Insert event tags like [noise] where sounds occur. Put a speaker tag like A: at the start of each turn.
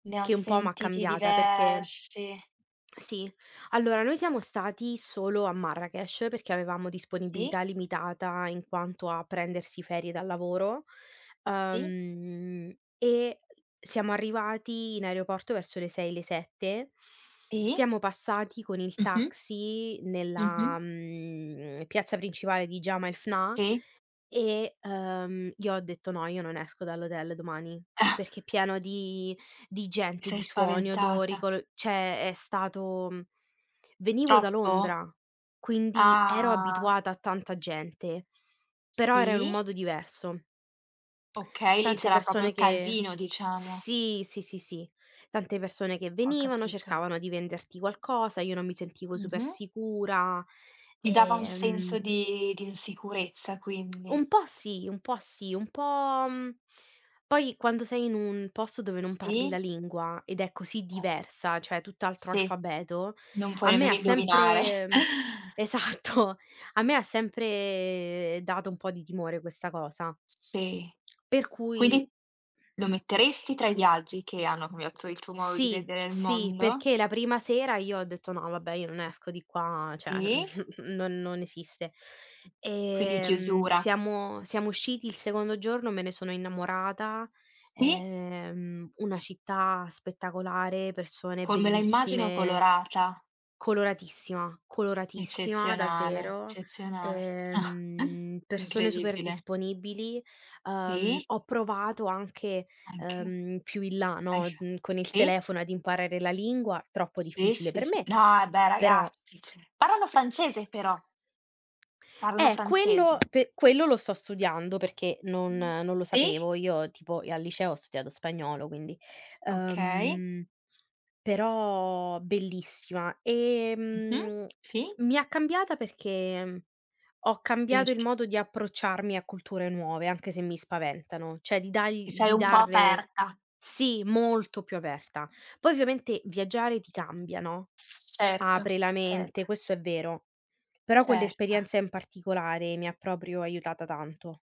A: Ne ho
B: Che un po' m'ha
A: sentiti
B: cambiata perché
A: diversi.
B: sì, allora noi siamo stati solo a Marrakech perché avevamo
A: Sì.
B: disponibilità limitata, in quanto a prendersi ferie dal lavoro,
A: Sì.
B: uhm, e siamo arrivati in aeroporto verso le 6, le 7,
A: Sì.
B: siamo
A: S
B: passati con il
A: Mh-mh.
B: taxi
A: Mh-mh.
B: nella, mhmm, piazza principale di Jemaa el-Fna,
A: Sì.
B: e, uhm, io ho detto: "No, io non esco dall'hotel domani. Perché pieno di di
A: Ti
B: gente,
A: sei
B: di suoni, odori,
A: spaventata.
B: colo" cioè è stato mhmm, venivo da
A: Troppo?
B: Londra quindi ero
A: Ah.
B: abituata a tanta gente, però era un
A: Sì?
B: modo diverso.
A: Okay, lì
B: Tante
A: c'era proprio
B: persone che
A: casino diciamo.
B: sì, sì, sì, sì. Tante persone che
A: Ho
B: venivano,
A: capito.
B: cercavano di venderti qualcosa, io non mi sentivo super
A: Mh-mh.
B: sicura,
A: Ti dava
B: e,
A: un senso
B: ehm
A: di di insicurezza
B: [smacks lips]
A: quindi.
B: Un po' sì, un po' sì, un po' mhmm, poi quando sei in un posto dove non parli la
A: Sì.
B: lingua ed è così
A: Ce
B: diversa, cioè tutt'altro
A: Sì.
B: alfabeto,
A: Non
B: a
A: puoi
B: me
A: nemmeno
B: ha
A: indovinare. [chuckles]
B: sempre esatto, a me ha sempre dato un po' di timore questa cosa.
A: Sì.
B: Per cui
A: Quindi lo metteresti tra i viaggi che hanno cambiato il tuo modo di
B: Sì,
A: vedere il
B: sì,
A: mondo?
B: perché la prima sera io ho detto: "No vabbè io non esco di qua, cioè,
A: Sì.
B: [chuckles] non non esiste".
A: Quindi
B: Ehm,
A: chiusura.
B: siamo siamo usciti il secondo giorno, me ne sono innamorata.
A: Sì?
B: Ehm, una città spettacolare, persone
A: Come la immagino
B: bellissime.
A: colorata.
B: Coloratissima, coloratissima
A: Eccezionale,
B: davvero,
A: eccezionale. [chuckles]
B: ehm, persone super
A: Incredibile.
B: disponibili. Uhm,
A: Sì.
B: ho provato anche,
A: Anche.
B: ehm, più in là, no,
A: [unintelligible]
B: mhmm, con il
A: sì.
B: telefono ad imparare la lingua- troppo
A: Sì,
B: difficile
A: sì,
B: per
A: sì.
B: me-
A: No, eh beh
B: però
A: ragazzi, cioè parlano francese però. Parlano
B: Eh, quello
A: francese.
B: pe quello lo sto studiando, perché non
A: Mh,
B: non lo
A: si.
B: sapevo. Io tipo e al liceo ho studiato spagnolo quindi...
A: S okay.
B: uhm, però bellissima.
A: Mh-mh.
B: Ehm,
A: Sì?
B: mi ha cambiata perché, mhmm,
A: S
B: ho cambiato il
A: perch
B: modo di approcciarmi a culture nuove anche se mi spaventano; cioè di
A: Ti
B: dargl
A: sei
B: di
A: un po'
B: darle
A: aperta.
B: sì, molto più aperta. Poi ovviamente viaggiare ti cambia, no,
A: Certo,
B: apre la
A: ce
B: mente, questo è vero, però
A: Certo.
B: quell'esperienza in particolare mi ha proprio aiutata tanto.